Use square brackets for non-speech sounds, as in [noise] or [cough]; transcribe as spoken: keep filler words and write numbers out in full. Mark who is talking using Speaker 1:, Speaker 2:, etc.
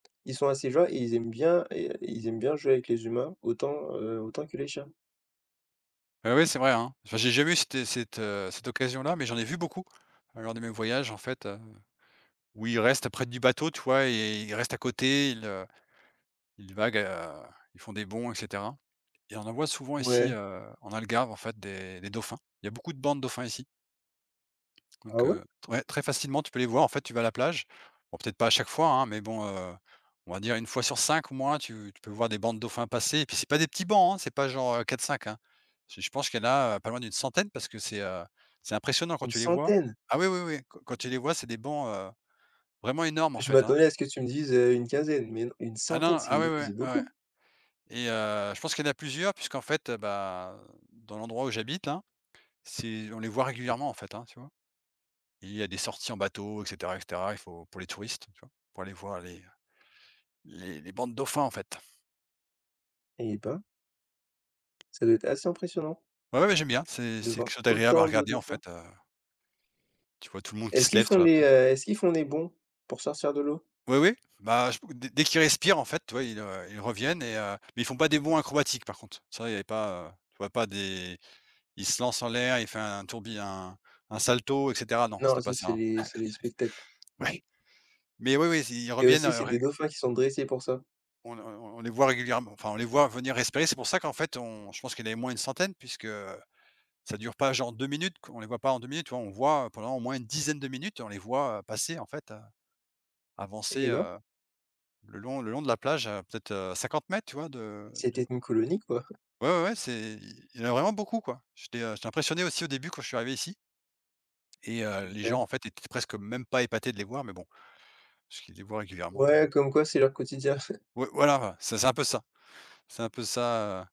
Speaker 1: Ils sont assez joy ils aiment bien et heu, ils aiment bien jouer avec les humains autant, heu, autant que les chiens.
Speaker 2: Ah ouais, c'est vrai hein. Enfin j'ai jamais eu cette é cette, heu, cette occasion-là, mais j'en ai vu beaucoup lors de mes voyages en fait, heu, où ils restent près du bateau, tu vois? Et ils restent à côté, ils, heu, ils vaguent, heu, ils font des bonds et cetera et on en voit souvent ici,
Speaker 1: Ouais.
Speaker 2: heu, en Algarve en fait des des dauphins. Il y a beaucoup de bancs de dauphins ici
Speaker 1: Ah
Speaker 2: donc
Speaker 1: ouais?
Speaker 2: heu ouais très facilement, tu peux les voir. En fait, tu vas à la plage. Bon, peut-être pas à chaque fois, hein, mais bon, heu, on va dire une fois sur cinq, moi, tu tu peux voir des bancs de dauphins passer. Puis c'est pas des petits bancs, hein, c'est pas genre, heu, quatre-cinq, hein. C'est je pense qu'il y en a, heu, pas loin d'une centaine parce que c'est, heu, c'est impressionnant quand
Speaker 1: Une
Speaker 2: tu les vois.
Speaker 1: centaine?
Speaker 2: Ah oui oui oui, qu quand tu les vois, c'est des bancs, heu, vraiment énormes en
Speaker 1: Je
Speaker 2: fait, hein.
Speaker 1: m'attendais à ce que tu me dises, heu, une quinzaine, mais une une
Speaker 2: Ah
Speaker 1: centaine
Speaker 2: non,
Speaker 1: c'est
Speaker 2: ah oui
Speaker 1: une
Speaker 2: oui,
Speaker 1: c'est
Speaker 2: oui
Speaker 1: beaucoup!
Speaker 2: et heu, je pense qu'il y en a plusieurs puisqu'en fait, heu, ben, dans l'endroit où j'habite là, c'est on les voit
Speaker 1: [unintelligible]
Speaker 2: régulièrement en fait, hein, tu vois? Il y a des sorties en bateau et cetera et cetera. Il faut pour les touristes, tu vois? Pour aller voir les, heu, les les bancs de dauphins en fait.
Speaker 1: Eh ben! Ca doit être assez impressionnant
Speaker 2: Oui, oui, j'aime bien, c'est
Speaker 1: de
Speaker 2: c'est quelque
Speaker 1: voir
Speaker 2: chose d'agréable à
Speaker 1: autant de
Speaker 2: regarder en
Speaker 1: dauphins
Speaker 2: fait, heu tu vois tout le monde qui
Speaker 1: est-ce
Speaker 2: se
Speaker 1: qu'ils
Speaker 2: lève
Speaker 1: font
Speaker 2: sur la
Speaker 1: les,
Speaker 2: plage.
Speaker 1: heu, est-ce qu'ils font les bonds pour sortir de l'eau?
Speaker 2: Oui, oui, bah je pou dès dès qu'ils respirent en fait, tu vois, ils heu, ils reviennent et heu, mais ils font pas des bonds acrobatiques par contre. Ça, il y a pas, heu tu vois pas des ils se lancent en l'air, il fait un tourbi un un salto et cetera. Non,
Speaker 1: Non
Speaker 2: c'était pas
Speaker 1: ça
Speaker 2: ça,
Speaker 1: c'est
Speaker 2: hein.
Speaker 1: les c'est les spectacles
Speaker 2: [chuckles]
Speaker 1: [chuckles]
Speaker 2: Oui. Mais oui oui, s ils
Speaker 1: et
Speaker 2: reviennent,
Speaker 1: aussi
Speaker 2: heu,
Speaker 1: c'est des
Speaker 2: rég
Speaker 1: dauphins qui sont dressés pour ça.
Speaker 2: on ne on on on les voit régulièrem enfin on les voit revenir respirer. C'est pour ça qu'en fait on je pense qu'il y en avait au moins une centaine puisque ça dure pas genre deux minutes qu on les voit pas en deux minutes, tu vois? On voit, heu, pendant au moins une dizaine de minutes, on les voit, heu, passer en fait, heu, avancer
Speaker 1: Eh ben!
Speaker 2: heu, le long le long de la plage, heu, à peut-être, heu, cinquante mètres, tu vois de du
Speaker 1: C'était
Speaker 2: b
Speaker 1: une colonie quoi. [chuckles]
Speaker 2: Ouais ouais ouais, c'est i il y en a vraiment beaucoup quoi. J'étais, heu, j'étais impressionné aussi au début quand je suis arrivé ici et heu, les
Speaker 1: OK.
Speaker 2: gens en fait étaient presque même pas épatés de les voir, mais bon. Parce qu'ils les voient régulièrement, heu
Speaker 1: Ouais comme quoi c'est leur quotidien. [chuckles]
Speaker 2: Oui voilà, ouais. C'est c'est un peu ça, c'est un peu ça, heu